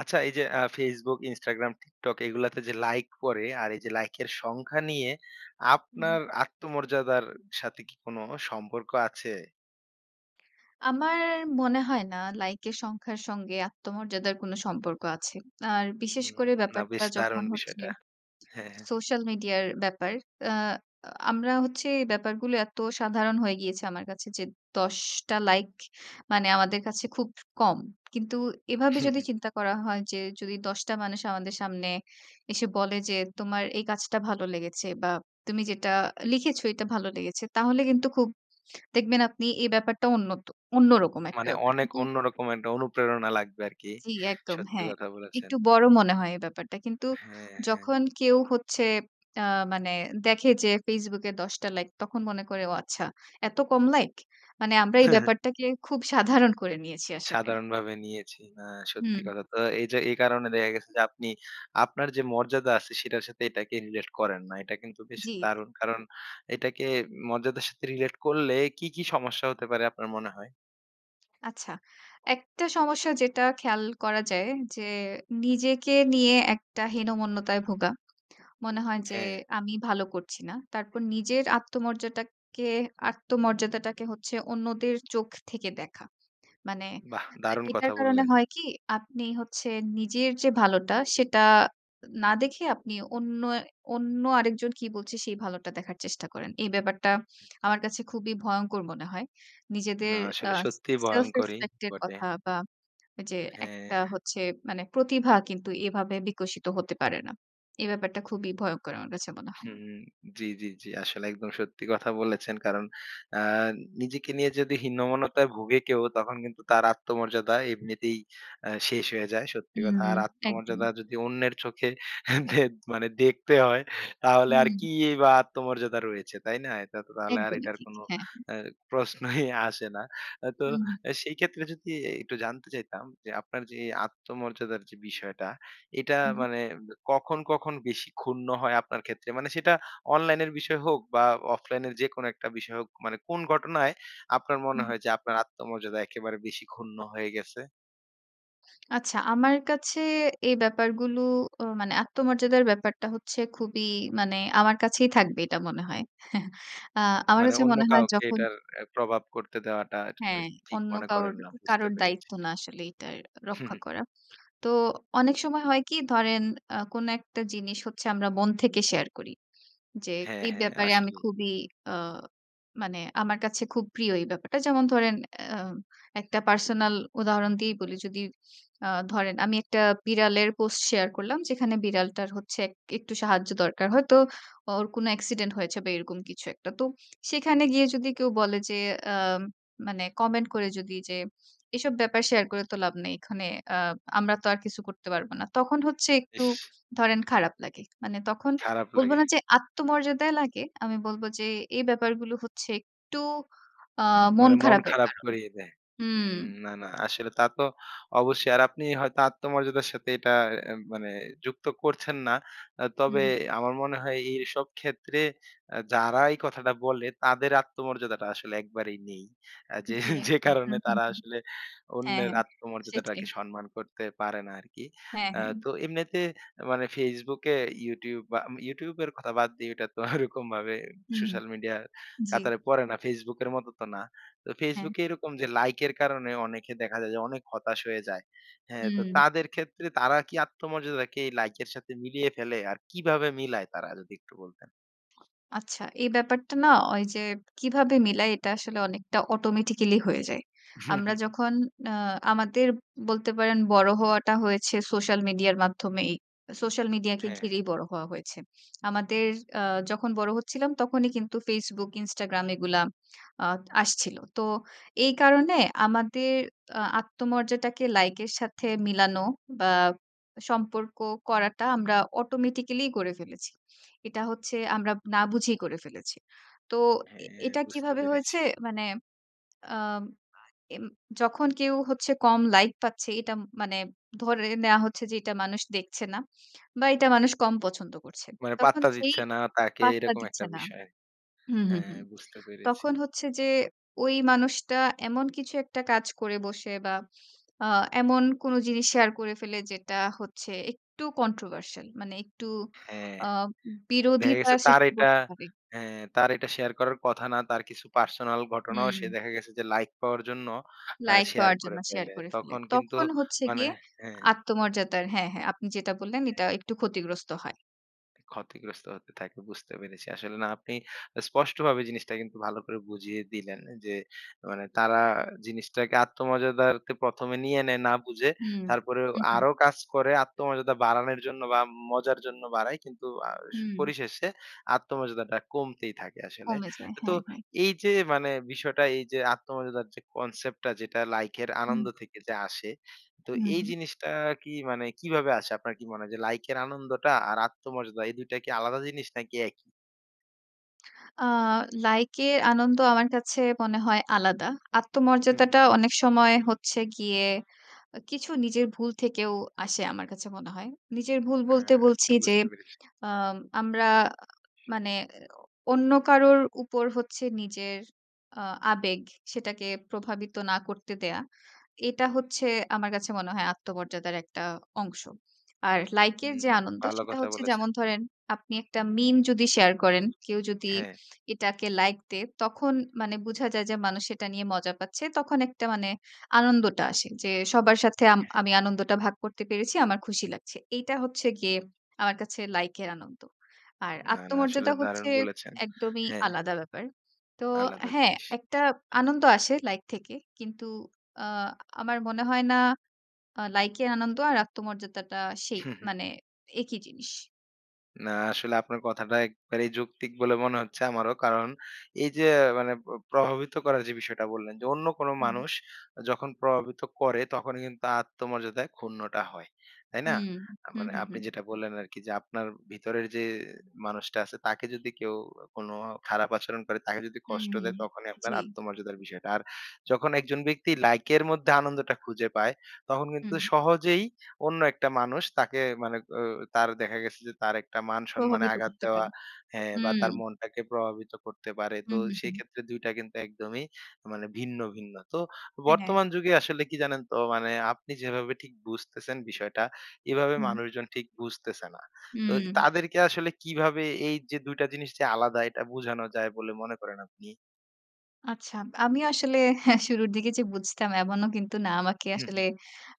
আচ্ছা এই যে আ Facebook, Instagram, TikTok এই গুলাতে যে লাইক পড়ে আর এই যে লাইকের সংখ্যা নিয়ে হুম। আপনার আত্মমর্যাদার সাথে কি কোনো সম্পর্ক আছে? আমার মনে হয় না লাইক এর সংখ্যার সঙ্গে আত্মমর্যাদার কোনো সম্পর্ক আছে। আর বিশেষ উন করে না বেশ ব্যাপারটা যখন দারুন হচ্ছে বিষয়টা। হ্যাঁ, হ্যাঁ। সোশ্যাল মিডিয়ার ব্যাপার। অ্যা আ আমরা হচ্ছে ব্যাপারগুলো এত সাধারণ হয়ে গিয়েছে আমার কাছে যে ১০ টা লাইক মানে আমাদের কাছে খুব কম। কিন্তু এভাবে হুম, যদি হুম। চিন্তা করা হয় যে যদি ১০ টা মানুষ আমাদের সামনে এসে বলে যে তোমার এই কাজটা ভালো লেগেছে বা তুমি যেটা লিখেছ এটা ভালো লেগেছে। তাহলে কিন্তু খুব দেখবেন আপনি এ ব্যাপারটা অন্নত অন্য অন্যরকম একটা মানে ব্যাপার। অনেক কিন্তু অন্যরকম একটা অনুপ্রেরণা লাগবে আরকি। জি, একদম। সত্যি হ্যাঁ কথা একটু বলেছেন। বড় মনে হয় এই ব্যাপারটা। কিন্তু হ্যাঁ, হ্যাঁ। যখন কেউ হচ্ছে আ মানে দেখে যে ফেসবুকে ১০ টা লাইক তখন মনে করে ও আচ্ছা এত কম লাইক? মানে আমরা এই হ্যাঁ, হ্যাঁ। ব্যাপারটাকে খুব সাধারণ করে নিয়েছি আসলে। সাধারণভাবে নিয়েছি, না সত্যি হুম। কথা। তো এই যে এই কারণে দেখা গেছে যে আপনি আপনার যে মর্যাদা আছে সেটার সাথে এটাকে রিলেট করেন না। এটা কিন্তু বেশ জি, জি। দারুণ। কারণ এটাকে মর্যাদার সাথে রিলেট করলে কি, কি সমস্যা হতে পারে আপনার মনে হয়? আচ্ছা। একটা সমস্যা যেটা খেয়াল করা যায়, যে নিজেকে নিয়ে একটা হীনমন্যতায় ভোগা। মনে হয় যে হ্যাঁ। "আমি ভালো করছি না।" তারপর নিজের আত্মমর্যাদাকে আত্মমর্যাদাটাকে হচ্ছে অন্যদের চোখ থেকে দেখা। মানে বাহ! দারুণ এটার কথা কারণে বললেন। হয় কি আপনি হচ্ছে নিজের যে ভালোটা, সেটা না দেখে আপনি অন্য অন্য আরেকজন কি বলছে, সেই ভালোটা দেখার চেষ্টা করেন। এই ব্যাপারটা হু। আমার কাছে খুবই ভয়ংকর মনে হয়। না, নিজেদের আ আসলে সত্যিই সেলফ ভয়ংকরই রেসপেক্ট এর বটে। কথা বা যে একটা হ্যাঁ। হচ্ছে মানে প্রতিভা কিন্তু এভাবে বিকশিত হতে পারে না। এ ব্যাপারটা খুবই ভয়ংকর আমার কাছে মনে হয়। হু, জ্বি, জি, জি। আসলে একদম সত্যি কথা বলেছেন। কারণ আ নিজেকে নিয়ে যদি হীনমন্যতায় ভোগে কেউ তখন কিন্তু তার আত্মমর্যাদা এমনিতেই আ শেষ হয়ে যায়। সত্যি হু, কথা। আর একদম। আত্মমর্যাদা যদি অন্যের চোখে দে মানে দেখতে হয়, তাহলে আর হু। কি বা আত্মমর্যাদা রয়েছে। তাই না? এটা তো তাহলে আর একদমই এটার ঠিক। কোন হ্যাঁ, হ্যাঁ। অ্যা প্রশ্নই আসে না। তো হু, হু। সেই ক্ষেত্রে যদি একটু জানতে চাইতাম? যে আপনার যে আত্মমর্যাদার যে বিষয়টা এটা হু। মানে কখন, কখন বেশি ক্ষুণ্ণ হয় আপনার ক্ষেত্রে? মানে সেটা অনলাইনের বিষয় হোক বা অফলাইনের যেকোনো একটা বিষয় হোক মানে কোন ঘটনায় আপনার মনে হু। হয় যে আপনার আত্মমর্যাদা একেবারে বেশি ক্ষুণ্ণ হয়ে গেছে? আচ্ছা, আমার কাছে এই ব্যাপারগুলো ও মানে আত্মমর্যাদার ব্যাপারটা হচ্ছে খুবই মানে আমার কাছেই থাকবে এটা মনে হয়। আ আমার মানে কাছে অন্য মনে হয় কাউকে যখন এটার প্রভাব করতে দেওয়াটা হ্যাঁ, ঠিক অন্য মনে কাউর করেন না। বুঝতে কারোর পেরেছি। দায়িত্ব না আসলে এটা হুঁ, রক্ষা হুঁ। করা। তো অনেক সময় হয় কি ধরেন আ কোন একটা জিনিস হচ্ছে আমরা মন থেকে শেয়ার করি। যে হ্যাঁ, এই হ্যাঁ। ব্যাপারে আমি আসলেই। খুবই আ মানে আমার কাছে খুব প্রিয় এই ব্যাপারটা। যেমন ধরেন অ্যা একটা পার্সোনাল উদাহরণ দিয়েই বলি যদি আ ধরেন আমি একটা বিড়ালের পোস্ট শেয়ার করলাম। যেখানে বিড়ালটার হচ্ছে এক একটু সাহায্য দরকার। হয়তো ওর কোন অ্যাক্সিডেন্ট হয়েছে বা এরকম কিছু একটা। তো সেখানে গিয়ে যদি কেউ বলে যে আ মানে কমেন্ট করে যদি যে "এসব ব্যাপার শেয়ার করে তো লাভ নেই। এখানে আ আমরা তো আর কিছু করতে পারব না।" তখন হচ্ছে একটু ইস! ধরেন খারাপ লাগে। মানে তখন খারাপ বলব লাগে। না যে আত্মমর্যাদায় লাগে। আমি বলব যে এই ব্যাপারগুলো হচ্ছে একটু আ মন মানে মন খারাপের খারাপ কারণ। করিয়ে দেয়। হু। হু, না, না আসলে তা তো অবশ্যই। আর আপনি হয়তো আত্মমর্যাদার সাথে এটা এ মানে যুক্ত করছেন না। আ তবে হু। আমার মনে হয় এ এইসব ক্ষেত্রে যারা এই কথাটা বলে তাদের আত্মমর্যাদাটা আসলে একবারেই নেই। যে জ্বি, যে একদম। হু, কারণে হু, তারা হু। আসলে হ্যাঁ, অন্যের হ্যাঁ। সেটাই। আত্মমর্যাদাটাকে সম্মান করতে পারে না আরকি। হ্যাঁ, আ হ্যাঁ। তো এমনিতে মানে Facebook এ YouTube বা YouTube এর কথা বাদ দেই ওটা তো ওরকমভাবে হু, হু। সোশ্যাল মিডিয়ার জ্বি। কাতারে পড়ে না। Facebook এর মতো তো না। তো Facebook হ্যাঁ। এ এরকম যে লাইকের কারণে অনেকে দেখা যায় যে অনেক হতাশ হয়ে যায়। হ্যাঁ, তো হু। তাদের ক্ষেত্রে তারা কি আত্মমর্যাদাকে লাইকের সাথে মিলিয়ে ফেলে আর কিভাবে মিলায় তারা? যদি একটু বলতেন। আচ্ছা। এই ব্যাপারটা না ওই যে কীভাবে মিলায় এটা আসলে অনেকটা অটোমেটিক্যালি হয়ে যায়। হু, হু, আমরা হু। যখন আ আমাদের বলতে পারেন বড় হওয়াটা হয়েছে সোশ্যাল মিডিয়ার মাধ্যমেই। সোশ্যাল মিডিয়াকে হ্যাঁ। ঘিরেই বড় হওয়া হয়েছে। আমাদের আ যখন বড় হচ্ছিলাম তখনই কিন্তু Facebook, Instagram এগুলা আ আসছিল। তো এই কারণে আমাদের আ আত্মমর্যাদাকে লাইকের সাথে মিলানো বা সম্পর্ক করাটা আমরা অটোমেটিক্যালি করে ফেলেছি। এটা হচ্ছে আমরা না বুঝেই করে ফেলেছি। তো এ হ্যাঁ, এটা বুঝতে কিভাবে পেরেছি। হয়েছে মানে আ এম যখন কেউ হচ্ছে কম লাইক পাচ্ছে এটা মানে ধরে নেয়া হচ্ছে যে এটা মানুষ দেখছে না। বা এটা মানুষ কম পছন্দ করছে। মানে তখন পাত্তা সেই দিচ্ছে না তাকে পাত্তা এরকম একটা দিচ্ছে না বিষয়। হু, হু, হু। হ্যাঁ বুঝতে পেরেছি। তখন হচ্ছে যে ওই মানুষটা এমন কিছু একটা কাজ করে বসে বা আ এমন কোনো জিনিস শেয়ার করে ফেলে যেটা হচ্ছে একটু controversial মানে একটু হ্যাঁ। আ দেখা বিরোধিতা গেছে তার সৃষ্টি এটা করতে পারে। হ্যাঁ, তার এটা শেয়ার করার কথা না। তার কিছু পার্সোনাল ঘটনাও সে হু। দেখা গেছে যে লাইক পাওয়ার জন্য আ লাইক শেয়ার পাওয়ার করে জন্য শেয়ার ফেলে। করে ফেলে। তখন কিন্তু তখন হচ্ছে মানে, গিয়ে হ্যাঁ আত্মমর্যাদার হ্যাঁ, হ্যাঁ। আপনি যেটা বললেন এটা একটু ক্ষতিগ্রস্ত হয়। ক্ষতিগ্রস্ত হতে থাকে বুঝতে পেরেছি। আসলে না, আপনি স্পষ্টভাবে জিনিসটা কিন্তু ভালো করে বুঝিয়ে দিলেন যে, মানে তারা জিনিসটাকে আত্মমর্যাদার তে ১ম এ নিয়ে নেয় না বুঝে। হুম। তারপরেও হু, হু। আরো কাজ করে আত্মমর্যাদা বাড়ানোর জন্য বা মজার জন্য বাড়ায়। কিন্তু আ স হু। পরিশেষে আত্মমর্যাদাটা কমতেই থাকে আসলে। কমে যায়। তো হ্যাঁ, হ্যাঁ। এই যে, মানে বিষয়টা এই যে আত্মমর্যাদার যে কনসেপ্টটা যেটা লাইকের হুম। আনন্দ থেকে যে আসে। তো হু, এই হু। জিনিসটা কি মানে কিভাবে আসে? আপনার কি মনে হয় যে, লাইকের আনন্দটা আর আত্মমর্যাদা এই দুইটা কি আলাদা জিনিস নাকি একই? আ লাইকের আনন্দ আমার কাছে মনে হয় আলাদা। হু, হু। আত্মমর্যাদাটাও অনেক সময় হচ্ছে গিয়ে আ কিছু নিজের ভুল থেকেও আসে আমার কাছে মনে হয়। নিজের ভুল বলতে হ্যাঁ, বলছি যে, বুঝতে পেরেছি। আম আমরা মানে অন্য কারোর উপর হচ্ছে নিজের আ আবেগ সেটাকে প্রভাবিত না করতে দেয়া। এটা হচ্ছে আমার কাছে মনে হয় আত্মমর্যাদার একটা অংশ। আর লাইকের হু, যে হু। আনন্দ, ভালো সেইটা কথা হচ্ছে বলেছেন। যেমন ধরেন, আপনি একটা meme যদি শেয়ার করেন, কেউ যদি হ্যাঁ। এটাকে লাইক দেয়, তখন মানে বোঝা যায় যে, মানুষ সেটা নিয়ে মজা পাচ্ছে তখন একটা মানে আনন্দটা আসে। যে সবার সাথে আম হ্যাঁ, হ্যাঁ। আমি আনন্দটা ভাগ করতে পেরেছি। আমার খুশি লাগছে। এইটা হচ্ছে গিয়ে আমার কাছে লাইকের আনন্দ। আর না, না, আসলে আত্মমর্যাদা দারুণ হচ্ছে বলেছেন। একদমই হ্যাঁ। আলাদা ব্যাপার। তো আলাদা হ্যাঁ, জিনিস। একটা আনন্দ আসে লাইক থেকে। কিন্তু আ আমার মনে হয় না আ লাইকের আনন্দ আর আত্মমর্যাদাটা, সেই মানে একই জিনিস। না, আসলে আপনার কথাটা একবারেই যৌক্তিক বলে মনে হচ্ছে, আমারও। কারণ, এই যে মানে, প প্রভাবিত করার যে বিষয়টা বললেন, যে অন্য কোন হুম। মানুষ যখন প্রভাবিত করে, তখনই কিন্তু আত্মমর্যাদায় ক্ষুণ্ণটা হয়, তাই না? হুম, আ হুম, মানে, হুম, আপনি হুম। যেটা বললেন আরকি, যে আপনার ভেতরের যে মানুষটা আছে, তাকে যদি কেউ কোন খারাপ আচরণ করে, তাকে যদি কষ্ট হুম, দেয়, তখনই আপনার জি। আত্মমর্যাদার বিষয়টা। আর যখন একজন ব্যক্তি লাইকের মধ্যে আনন্দটা খুঁজে পায়, তখন কিন্তু হুম। সহজেই অন্য একটা মানুষ তাকে, মানে এ তার, দেখা গেছে যে তার একটা মান-সম্মানে প্রভাবিত আঘাত করতে দেওয়া পারে, হ্যাঁ, বা হুম। তার মনটাকে প্রভাবিত করতে পারে, তো হুম, হুম, হুম। সেক্ষেত্রে, ২ টা কিন্তু একদমই, মানে, ভিন্ন, ভিন্ন। তো হ্যাঁ। বর্তমান যুগে আসলে কি জানেন, তো মানে, আপনি যেভাবে ঠিক বুঝতেছেন বিষয়টা, এভাবে হুম। মানুষজন ঠিক বুঝতেছে না। তো হুম। তাদেরকে আসলে কিভাবে এই যে, ২ টা জিনিস যে আলাদা, এটা বোঝানো যায়, বলে মনে করেন আপনি? আচ্ছা। আমি আসলে শুরুর দিকে যে বুঝতাম, এমনও কিন্তু না, আমাকে হুম, আসলে হুম।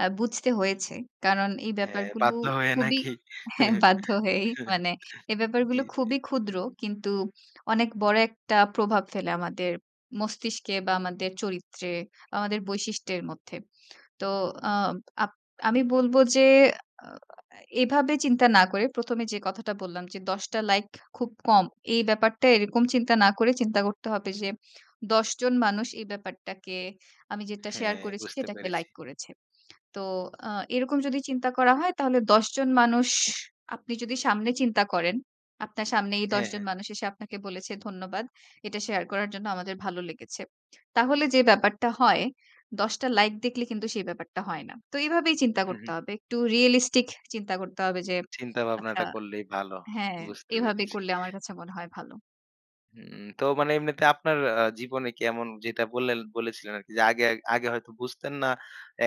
আ বুঝতে হয়েছে। কারণ, এই হ্যাঁ, ব্যাপারগুলো বাধ্য হয়ে খুবই নাকি? হ্যাঁ বাধ্য হয়েই, মানে এই জি, ব্যাপারগুলো জি। খুবই ক্ষুদ্র, কিন্তু অনেক বড় একটা প্রভাব ফেলে আমাদের মস্তিষ্কে, বা আমাদের চরিত্রে, আমাদের বৈশিষ্ট্যের মধ্যে। তো আ আপ আমি বলব যে, আ অ এ এভাবে চিন্তা না করে, ১ম এ যে কথাটা বললাম, যে ১০ টা লাইক খুব কম, এই ব্যাপারটা, এরকম চিন্তা না করে, চিন্তা করতে হবে যে, ১০ জন মানুষ এই ব্যাপারটাকে, আমি যেটা শেয়ার হ্যাঁ, করেছি, বুঝতে সেটাকে পেরেছি। লাইক করেছে। তো আ এরকম যদি চিন্তা করা হয়, তাহলে ১০ জন মানুষ, আপনি যদি সামনে চিন্তা করেন, আপনার সামনে এই ১০ হ্যাঁ, জন হ্যাঁ। মানুষ এসে আপনাকে বলেছে, "ধন্যবাদ, এটা শেয়ার করার জন্য, আমাদের ভালো লেগেছে।" তাহলে যে ব্যাপারটা হয়, ১০ টা লাইক দেখলে কিন্তু সেই ব্যাপারটা হয় না। তো এইভাবেই চিন্তা হুম, করতে হুম। হবে। একটু রিয়েলিস্টিক চিন্তা করতে হবে, যে আচ্ছা চিন্তাভাবনাটা করলেই ভালো, হ্যাঁ, বুঝতে এভাবে পেরেছি। করলে, আমার কাছে মনে হয় ভালো। হুম, তো মানে এমনিতে আপনার আ জীবনে কি এমন যেটা বললেন বলেছিলেন আরকি যে আগে আগে হয়তো বুঝতেন না,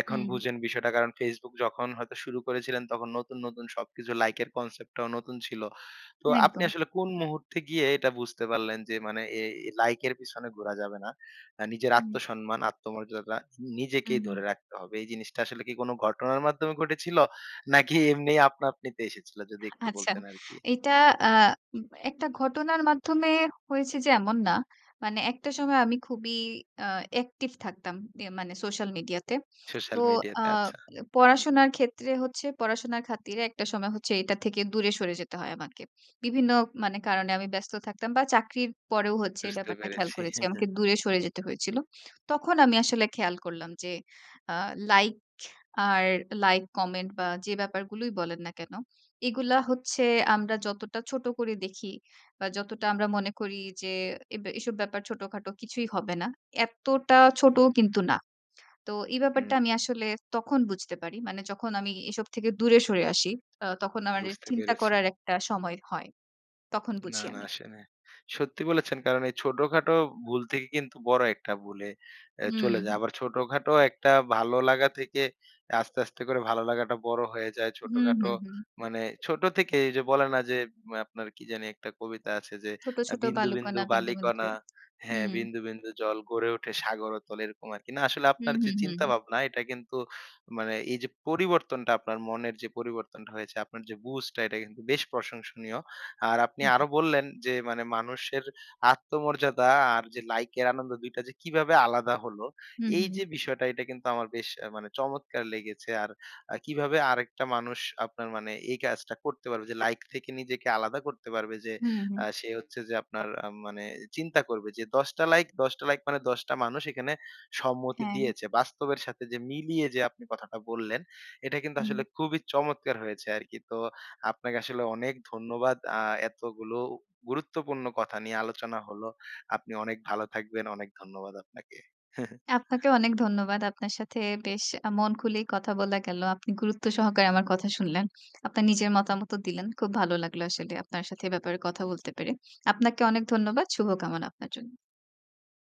এখন হুম। বুঝেন বিষয়টা। কারণ, Facebook যখন হয়তো শুরু করেছিলেন, তখন নতুন, নতুন সবকিছু লাইকের কনসেপ্টটাও নতুন ছিল। তো আপনি একদম। আসলে কোন মুহূর্তে গিয়ে এটা বুঝতে পারলেন যে মানে এ এ লাইকের পিছনে ঘোরা যাবে না? আ নিজের হুম। আত্মসম্মান, আত্মমর্যাদা হুম, নিজেকেই ধরে হুম। রাখতে হবে। এই জিনিসটা আসলে কি কোন ঘটনার মাধ্যমে ঘটেছিল? নাকি এমনি আপনাআপনিতে এসেছিল যদি একটু আচ্ছা। বলতেন আরকি। এটা আ উম একটা ঘটনার মাধ্যমে হয়েছে যে, এমন না। মানে একটা সময় আমি খুবই আ অ্যাকটিভ থাকতাম। ইয়ে মানে সোশ্যাল মিডিয়াতে। সোশ্যাল তো আ মিডিয়াতে, আচ্ছা। পড়াশোনার ক্ষেত্রে হচ্ছে পড়াশোনার খাতিরে একটা সময় হচ্ছে এটা থেকে দূরে সরে যেতে হয় আমাকে। বিভিন্ন মানে কারণে আমি ব্যস্ত থাকতাম বা, চাকরির পরেও হচ্ছে এ বুঝতে ব্যাপারটা খেয়াল পেরেছি। করেছি। আমাকে দূরে সরে যেতে হয়েছিল। তখন আমি আসলে খেয়াল করলাম যে আ লাইক আর লাইক, কমেন্ট বা, যে ব্যাপারগুলোই বলেন না কেন? এগুলা হচ্ছে আমরা যতটা ছোট করে দেখি বা, যতটা আমরা মনে করি যে, এব এসব ব্যাপার ছোটখাটো, কিছুই হবে না। এত্তটা ছোটও কিন্তু না। তো এই হুম, ব্যাপারটা আমি হুম। আসলে তখন বুঝতে পারি। মানে যখন আমি এ এসব থেকে দূরে সরে আসি, আ তখন আমার এ বুঝতে চিন্তা পেরেছি। করার একটা সময় হয়। তখন না, বুঝি না। আমি। আসে নাই। সত্যি বলেছেন। কারণ, এই ছোটখাটো ভুল থেকে কিন্তু বড় একটা ভুলে অ্যা হুম, চলে হুম। যায়। আবার ছোটখাটো একটা ভালো লাগা থেকে এ আস্তে, আস্তে করে ভালো লাগাটা বড় হয়ে যায়। হুম, ছোটখাটো হুম, হুম। মানে ছোট থেকেই ওইযে বলে না যে, মা আপনার কি জানি একটা কবিতা আছে যে, ছোট, আ ছোট 'বিন্দু, বিন্দু বালুকনা, বিন্দু, বালি বিন্দু কণা,' জল হ্যাঁ, হুম। 'বিন্দু, বিন্দু জল গড়ে উঠে সাগর অতল,' এরকম আরকি। না আসলে হুম, আপনার যে হুম, হুম। চিন্তাভাবনা, এটা কিন্তু মানে এইযে পরিবর্তনটা আপনার মনের যে পরিবর্তনটা হয়েছে, আপনার যে বুঝটা, এটা কিন্তু বেশ প্রশংসনীয়। আর আপনি হুম, হুম। আরো বললেন যে, মানে, "মানুষের আত্মমর্যাদা আর যে লাইকের আনন্দ ২ টা যে কিভাবে আলাদা হলো?" হুম, এইযে হুম। বিষয়টা এটা কিন্তু আমার বেশ আ মানে চমৎকার লেগেছে। আর আ কিভাবে আরেকটা মানুষ আপনার মানে এই কাজটা করতে পারবে যে, লাইক থেকে নিজেকে আলাদা করতে পারবে? যে হুম, আ হুম। সে হচ্ছে যে আপনার আম মানে এ চিন্তা করবে যে, ১০ টা লাইক ১০ টা লাইক মানে ১০ টা মানুষ এখানে সম্মতি হ্যাঁ। দিয়েছে। বাস্তবের সাথে যে মিলিয়ে যে আপনি কথাটা বললেন, এটা কিন্তু আসলে হুম। খুবই চমৎকার হয়েছে আরকি। তো আপনাকে আসলে অনেক ধন্যবাদ। আ এতোগুলো গুরুত্বপূর্ণ কথা নিয়ে আলোচনা হলো। আপনি অনেক ভালো থাকবেন। অনেক ধন্যবাদ আপনাকে। আপনাকেও অনেক ধন্যবাদ। আপনার সাথে বেশ আ মন খুলেই কথা বলা গেল। আপনি গুরুত্ব সহকারে আমার কথা শুনলেন। আপনার নিজের মতামতও দিলেন। খুব ভালো লাগলো আসলে আপনার সাথে এ ব্যাপারে কথা বলতে পেরে। আপনাকে অনেক ধন্যবাদ। শুভকামনা আপনার জন্য।